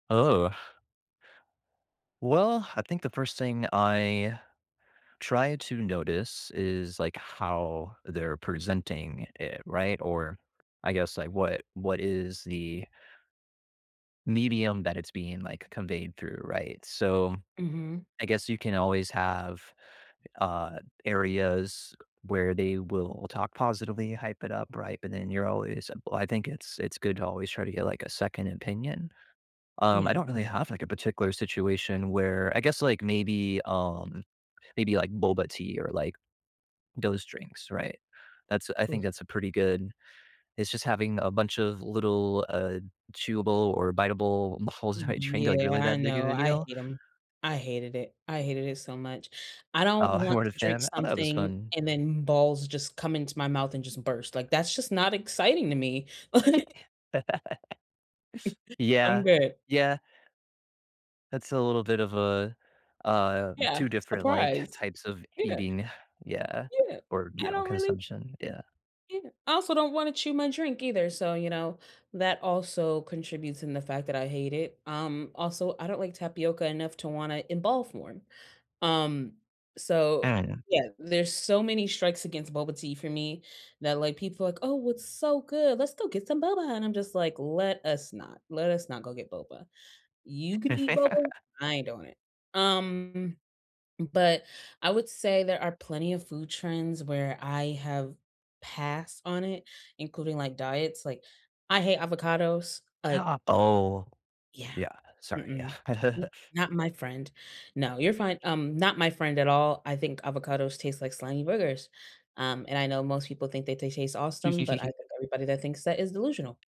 Oh. Well, I think the 1st thing I try to notice is, like, how they're presenting it, right? Or I guess, like, what what is the medium that it's being, like, conveyed through, right? So, Mhm. I guess you can always have, uh, areas where they will talk positively, hype it up, right? But then you're always well, I think it's it's good to always try to get, like, a 2nd opinion. Um, I Yeah. don't really have, like, a particular situation where I guess, like, maybe, um maybe, like, boba tea or, like, those drinks, right? That's I think Oof. that's a pretty good it's just having a bunch of little, uh, chewable or biteable balls in my drink, like, Yeah, really I that big know, of no, a I deal? hate ‘em. I hated it, I hated it so much. I don't Uh, you want weren’t to a drink fan oh, that was something fun. and then balls just come into my mouth and just burst, like, that's just not exciting to me, like I'm Yeah. good. Yeah. That's a little bit of a, um, Yeah, 2 different, like, surprise. types of You know eating, yeah, Yeah. or, you I know, don't really consumption, yeah. you know, I also don't wanna chew my drink either, so, you know, that also contributes in the fact that I hate it. Um, also, I don't like tapioca enough to wanna involve more. Um, I so, don’t know. yeah, there's so many strikes against boba tea for me that, like, people are like, "Oh, it's so good. Let's go get some boba," and I'm just like, "Let us not, let us not go get boba. You can eat boba, I ain't doing it." Um, but, I would say there are plenty of food trends where I have passed on it, including, like, diets. Like, I hate avocados, uh Ha Oh. Yeah. Yeah, sorry, yeah. Mm-mm, M not my friend. No, you're fine um, not my friend at all. I think avocados taste like slimy boogers, um, and I know most people think that they taste awesome, but I think everybody that thinks that is delusional.